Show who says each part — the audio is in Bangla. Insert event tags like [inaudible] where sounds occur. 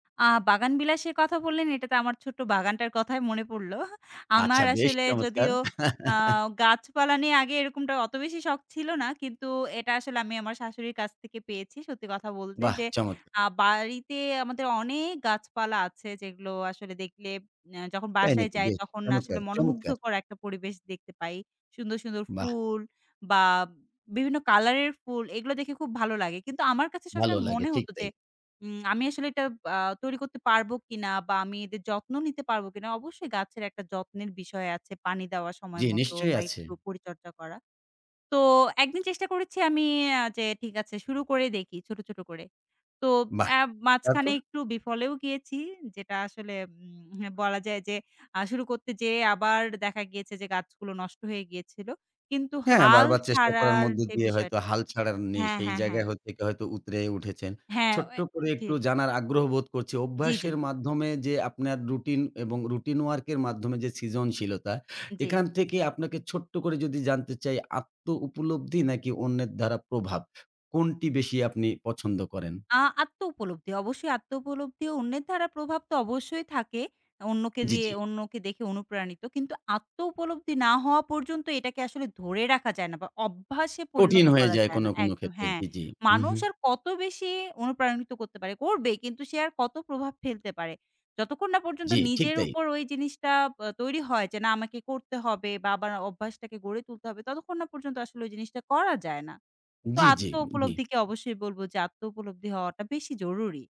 Speaker 1: আ বাগান বিলাসের কথা বললেন, এটা তে আমার ছোট্ট বাগানটার কথাই মনে পড়ল। [chuckles] আমার
Speaker 2: আচ্ছা, বেশ
Speaker 1: আসলে
Speaker 2: চমৎকার!
Speaker 1: যদিও আ
Speaker 2: [chuckles]
Speaker 1: গাছপালা নিয়ে আগে এরকমটা অত বেশি শখ ছিল না। কিন্তু এটা আসলে আমি আমার শাশুড়ির কাছ থেকে পেয়েছি। সত্যি কথা বলতে
Speaker 2: বাহ
Speaker 1: যে,
Speaker 2: চমৎকার!
Speaker 1: আ বাড়িতে আমাদের অনেক গাছপালা আছে, যেগুলো আসলে দেখলে অ্যা যখন
Speaker 2: তাই
Speaker 1: বাসায়
Speaker 2: নাকি?
Speaker 1: যাই,
Speaker 2: বেশ
Speaker 1: তখন আসলে
Speaker 2: চমৎকার, চমৎকার!
Speaker 1: মনোমুগ্ধকর একটা পরিবেশ দেখতে পাই। সুন্দর, সুন্দর
Speaker 2: বাহ!
Speaker 1: ফুল বা বিভিন্ন কালারের ফুল এগুলো দেখে খুব ভালো লাগে। কিন্তু আমার কাছে
Speaker 2: ভাল
Speaker 1: সবসময়
Speaker 2: লাগে,
Speaker 1: মনে
Speaker 2: ঠিক
Speaker 1: হত যে,
Speaker 2: তাই।
Speaker 1: উম আমি আসলে এটা আ তৈরি করতে পারব কিনা, বা আমি এদের যত্ন নিতে পারবো কিনা। অবশ্যই গাছের একটা যত্নের বিষয় আছে। পানি দেওয়ার সময়
Speaker 2: জ্বি,
Speaker 1: মতো
Speaker 2: নিশ্চয়ই
Speaker 1: বা
Speaker 2: আছে।
Speaker 1: একটু পরিচর্যা করা। তো একদিন চেষ্টা করেছি, আমি আ যে ঠিক আছে শুরু করে দেখি ছোট, ছোট করে। তো
Speaker 2: বাহ!
Speaker 1: অ্যা মাঝখানে
Speaker 2: তারপর?
Speaker 1: একটু বিফলেও গিয়েছি। যেটা আসলে উম এহ, বলা যায় যে আ শুরু করতে যেয়ে, আবার দেখা গিয়েছে যে গাছগুলো নষ্ট হয়ে গিয়েছিল। কিন্তু
Speaker 2: হ্যাঁ,
Speaker 1: হাল
Speaker 2: বারবার চেষ্টা করার
Speaker 1: ছাড়ার
Speaker 2: মধ্য
Speaker 1: যে
Speaker 2: দিয়ে হয়তো
Speaker 1: বিষয়টা
Speaker 2: হাল ছাড়ার নেই
Speaker 1: হ্যাঁ,
Speaker 2: সেই
Speaker 1: হ্যাঁ,
Speaker 2: জায়গায়
Speaker 1: হ্যাঁ।
Speaker 2: হইৎ হয়তো উতরায়ে উঠেছেন।
Speaker 1: হ্যাঁ।
Speaker 2: ছোট্ট
Speaker 1: এ
Speaker 2: করে
Speaker 1: অ জি।
Speaker 2: একটু জানার আগ্রহ বোধ করছি।
Speaker 1: জ্বী, জ্বী।
Speaker 2: অভ্যাসের মাধ্যমে যে আপনার রুটিন এবং রুটিন ওয়ার্ক এর মাধ্যমে যে সৃজনশীলতা,
Speaker 1: জ্বী।
Speaker 2: এখান থেকে আপনাকে ছোট্ট করে যদি জানতে চাই আত্মউপলব্ধি নাকি অন্যের দ্বারা প্রভাব? কোনটি বেশি আপনি পছন্দ করেন?
Speaker 1: আ আত্মউপলব্ধি। অবশ্যই আত্মউপলব্ধি অন্যের দ্বারা প্রভাব তো অবশ্যই থাকে। অন্যকে
Speaker 2: জ্বি,
Speaker 1: দিয়ে
Speaker 2: জ্বি।
Speaker 1: অন্যকে দেখে অনুপ্রাণিত। কিন্তু আত্মউপলব্ধি না হওয়া পর্যন্ত এটাকে আসলে ধরে রাখা যায় না, বা অভ্যাসে
Speaker 2: কঠিন
Speaker 1: পরিণত
Speaker 2: হয়ে
Speaker 1: করা
Speaker 2: যায়
Speaker 1: যায়
Speaker 2: কোন,
Speaker 1: না
Speaker 2: কোন
Speaker 1: একদম
Speaker 2: ক্ষেত্রে
Speaker 1: হ্যাঁ,
Speaker 2: জি, জি।
Speaker 1: মানুষ
Speaker 2: উহু।
Speaker 1: আর কত বেশি অনুপ্রাণিত করতে পারে। করবে কিন্তু সে আর কত প্রভাব ফেলতে পারে? যতক্ষণ না পর্যন্ত
Speaker 2: জ্বি, ঠিক
Speaker 1: নিজের
Speaker 2: তাই।
Speaker 1: উপর ওই জিনিসটা ব্যা তৈরি হয়, যে না আমাকে করতে হবে বা আবার অভ্যাসটাকে গড়ে তুলতে হবে, ততক্ষণ না পর্যন্ত আসলে ওই জিনিসটা করা যায় না। তো
Speaker 2: জ্বি,
Speaker 1: আত্ম
Speaker 2: জ্বি, জ্বি।
Speaker 1: উপলব্ধিকে অবশ্যই বলব যে আত্ম উপলব্ধি হওয়াটা বেশি জরুরি।